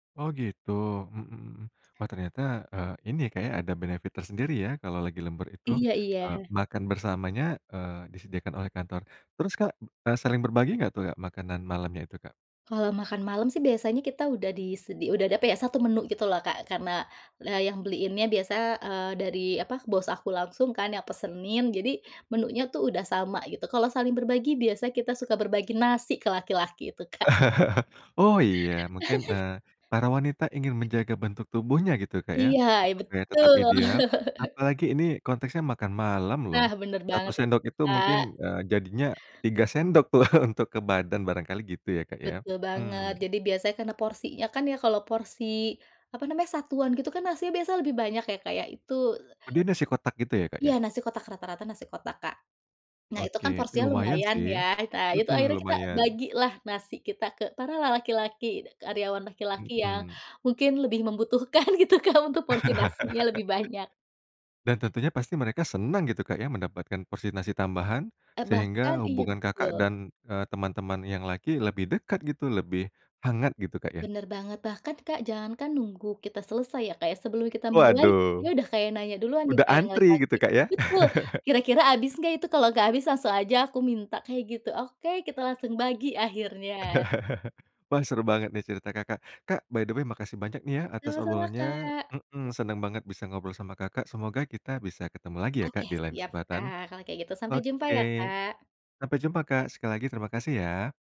Oh gitu, mmm, wah ternyata, eee, ini ya Kak ya, ada benefit tersendiri ya kalau lagi lembur itu. Iya iya. Eee, makan bersamanya, eee, disediakan oleh kantor. Terus Kak, e saling berbagi nggak tuh, a makanan malamnya itu, Kak? Kalau makan malam sih biasanya kita udah disedi udah ada apa ya, 1 menu gitu loh Kak, karena, eee, yang beliinnya biasa, eee, dari apa bos aku langsung kan yang pesenin, jadi, menunya tuh udah sama, gitu. Kalau saling berbagi, biasanya kita suka berbagi nasi ke laki-laki itu, Kak. Oh iya, mungkin, eee, para wanita ingin menjaga bentuk tubuhnya gitu Kak ya. Iya, e Supaya tetap betul. ideal apalagi ini konteksnya makan malam loh, Nah benar 1 banget itu, sendok itu mungkin, Kak. eee, jadinya 3 sendok tuh, untuk ke badan barangkali gitu ya Kak ya, Betul banget, mmm. jadi biasanya karena porsinya kan ya, kalau porsi, apa namanya, satuan gitu kan nasi biasa lebih banyak ya Kak ya, itu Oh dia nasi kotak gitu ya Kak ya? Iya nasi kotak, rata rata nasi kotak, Kak. Nah itu Oke, kan ih porsinya lumayan lumayan sih, ya, ita itu hmm, akhirnya kita lumayan. bagi lah nasi kita ke para la laki-laki, d karyawan laki-laki yang Hmm. mungkin lebih membutuhkan gitu Kak, untuk porsi nasinya lebih banyak. Dan tentunya pasti mereka senang gitu Kak ya mendapatkan porsi nasi tambahan, E bahkan sehingga iya hubungan Kakak betul. dan, eee, teman-teman yang laki lebih dekat gitu, lebih hangat gitu Kak ya. Benar banget, bahkan Kak jangankan nunggu kita selesai ya Kak ya, sebelum kita mulai, dia Waduh. udah kayak nanya duluan nih Udah Kak yang antri laki-laki gitu Kak ya. betul, "kira-kira abis nggak itu, kalau nggak habis langsung aja aku minta" kayak gitu. Oke, kita langsung bagi akhirnya. Wah seru banget nih cerita Kakak, Kak by the way makasih banyak nih ya atas Sama-sama, obrolannya Kak. heeh, seneng banget bisa ngobrol sama Kakak, semoga kita bisa ketemu lagi ya Kak Oke di lain siap kesempatan. Kak kalau kayak gitu, sampai jumpa ya, Oke, Kak. sampai jumpa Kak, sekali lagi terima kasih ya.